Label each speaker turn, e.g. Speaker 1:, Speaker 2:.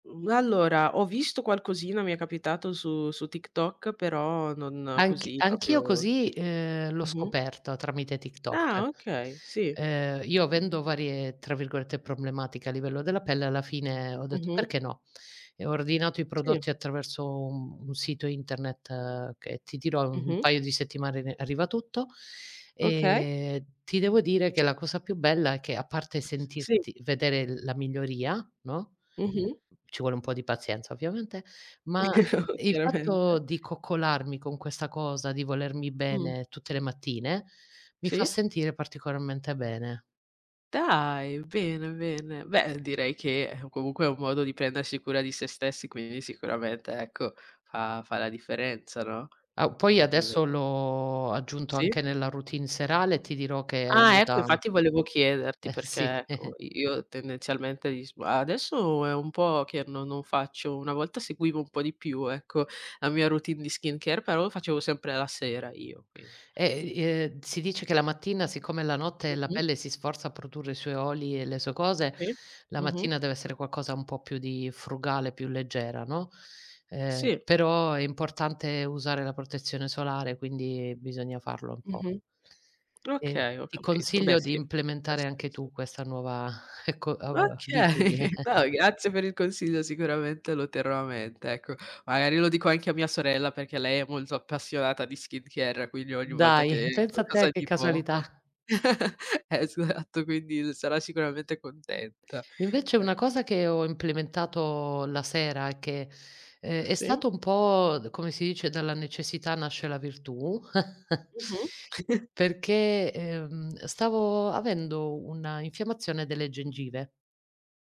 Speaker 1: Mhmm allora, ho visto qualcosina, mi è capitato su su TikTok, però non
Speaker 2: Anch
Speaker 1: così,
Speaker 2: anch'io
Speaker 1: proprio
Speaker 2: così, ehm, l'ho
Speaker 1: mh-mh
Speaker 2: scoperto tramite TikTok.
Speaker 1: Ah okay, sì.
Speaker 2: Ehm, io
Speaker 1: Mh-mh.
Speaker 2: avendo varie, tra virgolette, "problematiche" a livello della pelle alla fine ho detto:
Speaker 1: Mh-mh.
Speaker 2: "Perché no?" E ho ordinato i
Speaker 1: Sì.
Speaker 2: prodotti attraverso un un sito internet che, ti dirò, un un
Speaker 1: Mh-mh.
Speaker 2: paio di settimane re arriva tutto;
Speaker 1: Okay.
Speaker 2: ehm, ti devo dire che la cosa più bella è che, a parte
Speaker 1: Sì.
Speaker 2: sentirti vedere l la miglioria, no,
Speaker 1: Mh-mh.
Speaker 2: ci vuole un po' di pazienza ovviamente, ma il fatto
Speaker 1: Chiaramente.
Speaker 2: di coccolarmi con questa cosa, di volermi
Speaker 1: Mh.
Speaker 2: bene tutte le mattine, mi fa
Speaker 1: Sì.
Speaker 2: sentire particolarmente bene.
Speaker 1: Dai, bene, bene. Beh, direi che, comunque è un modo di prendersi cura di se stessi, quindi sicuramente ecco, fa fa la differenza, no.
Speaker 2: A u poi
Speaker 1: [unintelligible]
Speaker 2: adesso l'ho aggiunto
Speaker 1: Sì.
Speaker 2: anche nella routine serale e ti dirò che
Speaker 1: Ah ecco,
Speaker 2: aiuta
Speaker 1: infatti volevo chiederti
Speaker 2: Eh, sì.
Speaker 1: perché, ecco i io tendenzialmente [unintelligible] adesso è un po' che no non faccio, una volta seguivo un po' di più, ecco, la mia routine di skincare, però lo facevo sempre la sera io, quin
Speaker 2: Eh, i ehm, si dice che la mattina siccome la notte la
Speaker 1: Mh-mh.
Speaker 2: pelle si sforza a produrre i suoi oli e le sue cose,
Speaker 1: Sì.
Speaker 2: la
Speaker 1: Mh-mh.
Speaker 2: mattina deve essere qualcosa un po' più di frugale, più leggera, no. Ehm,
Speaker 1: Sì.
Speaker 2: però è importante usare la protezione solare quindi, bisogna farlo un po'.
Speaker 1: Mh-mh.
Speaker 2: Ehm,
Speaker 1: Okay, ho
Speaker 2: ti
Speaker 1: capito. Beh
Speaker 2: consiglio di
Speaker 1: sì, ovviamente ha
Speaker 2: implementare anche tu
Speaker 1: senso.
Speaker 2: questa nuova ecco a bitudine.
Speaker 1: Okay, no grazie per il consiglio sicuramente lo terrò a mente, ecco. Magari lo dico anche a mia sorella perché lei è molto appassionata di skincare, quindi ogni volta
Speaker 2: Dai,
Speaker 1: che
Speaker 2: pensa a te
Speaker 1: qualcosa
Speaker 2: che
Speaker 1: di
Speaker 2: casualità.
Speaker 1: poco. Esatto, quindi sarà sicuramente contenta.
Speaker 2: Invece,
Speaker 1: E
Speaker 2: una cosa che ho implementato la sera è che ehm, è
Speaker 1: Sì.
Speaker 2: stato un po', come si dice, dalla necessità nasce la virtù
Speaker 1: Mh-mh.
Speaker 2: perché, ehm, stavo avendo una infiammazione delle gengive